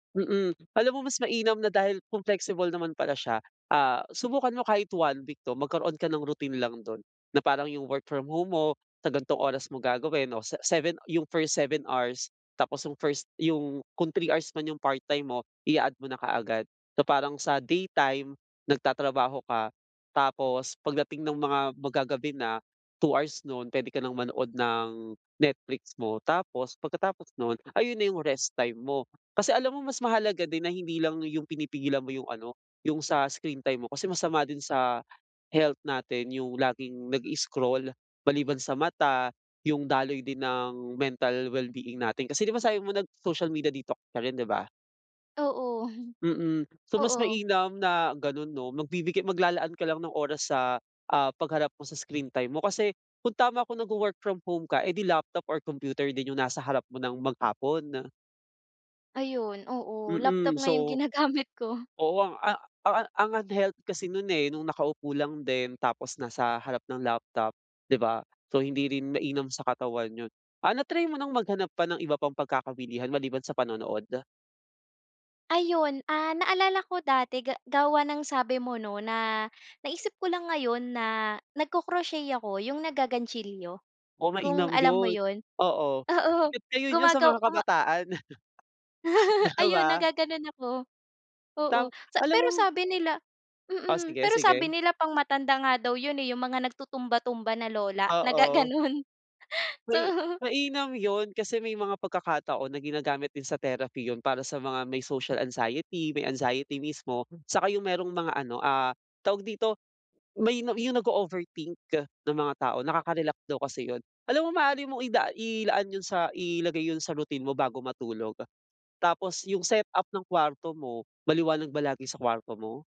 Mm. Alam mo mas mainam na dahil kung flexible naman pala siya, ah, subukan mo kahit 1 week 'no, magkaroon ka ng routine lang do'n na parang 'yung work from home mo sa ganitong oras mo gagawin 'no, sa 7 'yung first 7 hours, tapos first 'yung kung 3 hours man 'yung part-time mo ia-add mo na kaagad. So parang sa day time nagtatrabaho ka, tapos pagdating ng mga mag-gagabi na, 2 hours nun puwede ka nang manood ng Netflix mo, tapos pagkatapos nun ayun na 'yung rest time mo. Kasi alam mo mas mahalaga din na hindi lang 'yung pinipigilan mo 'yung ano, 'yung sa screen time mo kasi masama din sa health natin 'yung laging nag-i-scroll, maliban sa mata, 'yung daloy din ng mental well-being natin. Kasi di ba, sabi mo nag-social media detox ka rin, di ba? Oo, Mm, so mas oo. mainam na gano'n 'no, magbibigay maglalaan ka lang ng oras sa ah, pag harap mo sa screen time mo kasi kung tama ako nagwo-work from home ka eh, di laptop or computer din 'yung nasa harap mo ng mag-hapon? Ayun oo, laptop Mm. nga 'yung So, ginagamit ko. oo, ang ah ang ah, unhealthy kasi nun eh, nung nakaupo lang din tapos nasa harap ng laptop, di ba? So hindi rin mainam sa katawan 'yun. Ah, na-try mo ng maghanap pa ng iba pang pagkakawilihan maliban sa panonood? Ayun ah, naalala ko dati ga gawa ng sabi mo 'no, na naisip ko lang ngayon na nagko-crochet ako 'yung naggagantsilyo, Oh, kung mainam alam mo 'yun, 'yun. oo, Oo, sikat ngayon 'yun sa gumagaw mga guma kabataan. Di Ayun ba? naggaganon ako, oo, Tama, sa alam pero mo sabi nila Oh, mm. sige, Pero sabi sige. nila pang matanda nga daw 'yun eh, 'yung mga nagtutumba-tumba na lola, na Oo. gaganon, May so mainam 'yun, kasi may mga pagkakataon na ginagamit din sa therapy 'yun para sa mga may social anxiety, may anxiety mismo, saka 'yung merong mga ano ah, tawag dito, may na 'yung nag-o-overthink na mga tao, nakaka-relax daw kasi 'yun. Alam mo maaari mong ida ilaan 'yun sa ilagay 'yun sa routine mo bago matulog. Tapos 'yung setup ng kuwarto mo, maliwanag ba lagi sa kuwarto mo?